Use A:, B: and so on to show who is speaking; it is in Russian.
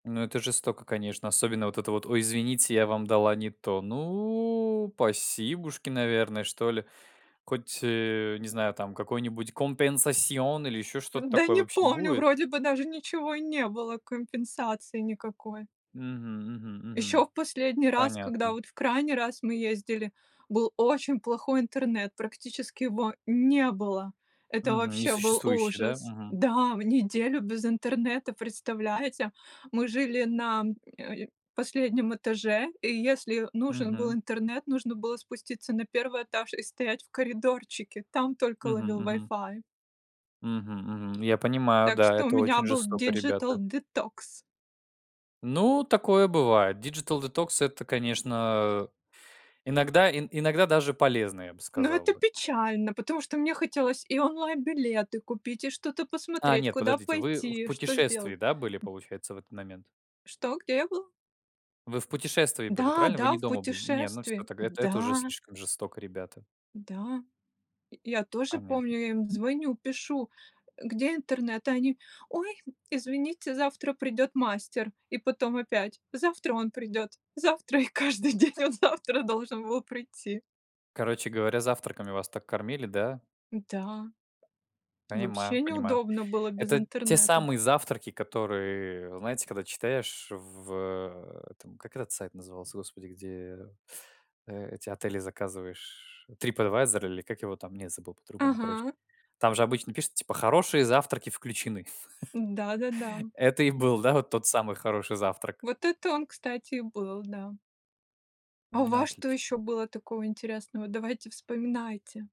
A: Ну это жестоко, конечно. Особенно вот это вот: "Ой, извините, я вам дала не то". Ну, пасибушки, наверное, что ли. Хоть, э, не знаю, там какой-нибудь компенсасион или еще что-то
B: М-да
A: такое
B: не
A: вообще
B: помню,
A: будет?
B: вроде бы даже ничего и не было, компенсации никакой.
A: Мгм, мгм,
B: Ещё
A: мгм.
B: в последний раз, когда
A: Понятно.
B: вот в крайний раз мы ездили, был очень плохой интернет, практически его не было. Это
A: Мгм.
B: вообще был
A: Несуществующий, да?
B: ужас
A: Мгм.
B: Да! В неделю без интернета, представляете? Мы жили на, э, последнем этаже, и если нужен был
A: Мгм.
B: интернет, нужно было спуститься на 1 этаж и стоять в коридорчике. Там только
A: Мгм,
B: ловил
A: мгм.
B: вайфай.
A: Мгм, мгм. Я понимаю,
B: Так
A: да,
B: что у
A: это
B: меня
A: очень
B: был
A: жестоко, ребята.
B: диджитал-детокс.
A: Ну, такое бывает. Диджитал-детокс- это, конечно, э, иногда, ин иногда даже полезно, я бы
B: Ну
A: сказал
B: это
A: бы.
B: печально, потому что мне хотелось и онлайн-билеты купить, и что-то
A: А
B: посмотреть:
A: нет,
B: куда
A: подождите- вы в
B: пойти, что
A: путешествии,
B: сделать.
A: да, были, получается, в этот момент?
B: Что? Где я был?
A: Вы в путешествии были,
B: Да,
A: правильно? Вы не
B: да, в
A: дома были? Не, ну всё
B: путешествии.
A: тогда. Это это уже
B: Да.
A: слишком жестоко, ребята.
B: Да. И, я тоже
A: Понятно.
B: помню, я им звоню, пишу, э: "Где интернет?" А они: "Ой, извините. Завтра придёт мастер". И потом опять: "Завтра он придёт, завтра". И каждый день он завтра должен был прийти.
A: Короче говоря, завтраками вас так кормили, да?
B: Н-да.
A: Понимаю,
B: Вообще
A: понимаю.
B: неудобно было без
A: Это те
B: интернета.
A: самые завтраки, которые, знаете, когда читаешь в э, этом- как этот сайт назывался, господи, где, э, эти отели заказываешь "Трипэдвайзор", или как его там? Не, забыл, по-другому, короче.
B: Ага.
A: Там же обычно пишут типа: "Хорошие завтраки включены".
B: Да-да-да.
A: Это и был, да, вот тот самый "хороший завтрак".
B: Вот это он, кстати, и был, да. А у
A: Ну
B: вас что
A: отлично.
B: ещё было такого интересного? Давайте вспоминайте.